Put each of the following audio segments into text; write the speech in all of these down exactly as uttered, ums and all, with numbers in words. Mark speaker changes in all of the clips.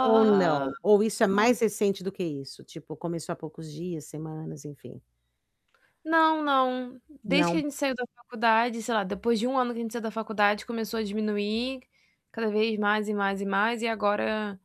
Speaker 1: Ou não? Ou isso é
Speaker 2: oh
Speaker 1: mais recente do que isso? Tipo, começou há poucos dias, semanas enfim.
Speaker 2: Não, não. Desde que a
Speaker 1: Não.
Speaker 2: gente saiu da faculdade, sei lá, depois de um ano que a saiu da faculdade, começou a diminuir, cada vez mais e mais e mais. E agora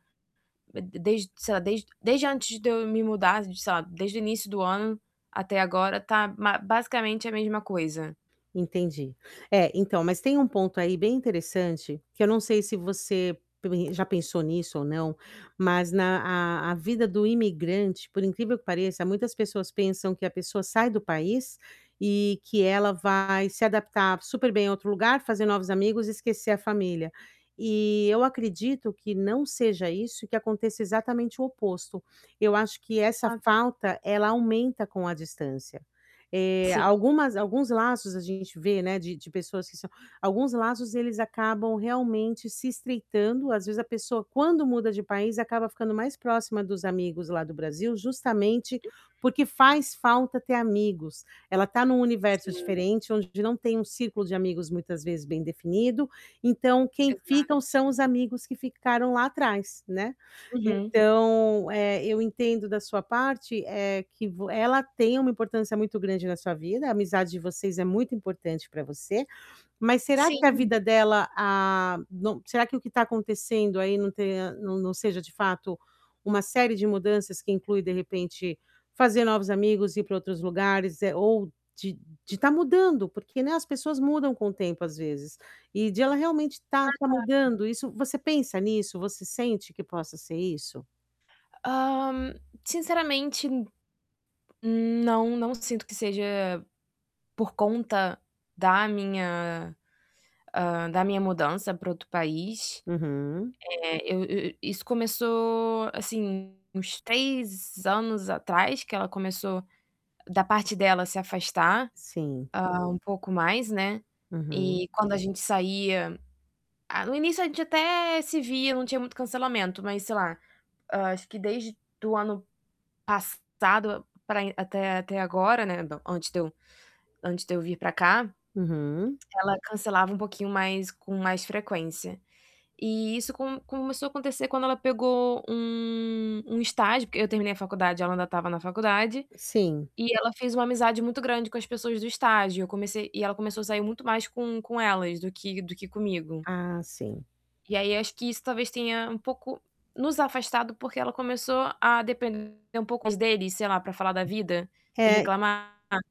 Speaker 2: de de desde, sei lá, desde desde antes de eu me mudar, sei lá, desde o início do ano até agora tá ma basicamente a mesma coisa.
Speaker 1: Entendi. É, então, mas tem um ponto aí bem interessante, que eu não sei se você [unintelligible] já pensou nisso ou não, mas na a a vida do imigrante, por incrível que pareça, muitas pessoas pensam que a pessoa sai do país e que ela vai se adaptar super bem a outro lugar, fazer novos amigos e esquecer a família. Eh, eu acredito que não seja isso e que aconteça exatamente o oposto. Eu acho que essa
Speaker 2: Exato.
Speaker 1: falta, ela aumenta com a distância. Eh,
Speaker 2: Sim.
Speaker 1: algumas alguns laços a gente vê, né, de de pessoas que são alguns laços eles acabam realmente se estreitando. Às vezes, a pessoa, quando muda de país, acaba ficando mais próxima dos amigos lá do Brasil, justamente
Speaker 2: Uhum.
Speaker 1: porque faz falta ter amigos. Ela tá em um universo
Speaker 2: Sim.
Speaker 1: diferente, onde não tem um círculo de amigos muitas vezes bem definido, então quem
Speaker 2: Exato.
Speaker 1: ficam são os amigos que ficaram lá atrás, né.
Speaker 2: Uhum.
Speaker 1: Então, eh, eu entendo da sua parte, eh, que vo ela tem uma importância muito grande na sua vida, a amizade de vocês é muito importante para você. Mas será que a
Speaker 2: Sim.
Speaker 1: vida dela, ah, no será que o que está acontecendo aí não tenha não não seja de fato uma série de mudanças que inclui, de repente, fazer novos amigos, ir para outros lugares, eh, ou de de estar mudando? Por que, né, as pessoas mudam com o tempo às vezes. E de ela realmente estar
Speaker 2: Faz
Speaker 1: estar
Speaker 2: parte. Hum.
Speaker 1: mudando isso você pensa nisso, você sente que possa ser isso?
Speaker 2: Ah, sinceramente, não, não sinto que seja por conta da minha, ah, da minha mudança para outro país.
Speaker 1: Uhum.
Speaker 2: Eh, eu eu isso começou, assim, uns três anos atrás que ela começou, da parte dela se afastar,
Speaker 1: Sim.
Speaker 2: ah, um pouco mais, né.
Speaker 1: Uhum.
Speaker 2: E quando a gente saía ah, no início a gente até se via, não tinha muito cancelamento, mas, sei lá, hã, acho que desde do ano passado para e até até agora, né, antes de eu antes de eu vir para cá,
Speaker 1: Uhum.
Speaker 2: ela cancelava um pouquinho mais com mais frequência. E isso com começou a acontecer quando ela pegou um um estágio. Porque eu terminei a faculdade ela ainda estava na faculdade.
Speaker 1: Sim.
Speaker 2: E ela fez uma amizade muito grande com as pessoas do estágio. Eu comecei e ela começou a sair muito mais com com elas do que do que comigo.
Speaker 1: Ah, sim.
Speaker 2: E aí, acho que isso, talvez, tenha um pouco nos afastado, porque ela começou a depender um pouco mais dele, sei lá, para falar da vida e
Speaker 1: Eh
Speaker 2: reclamar.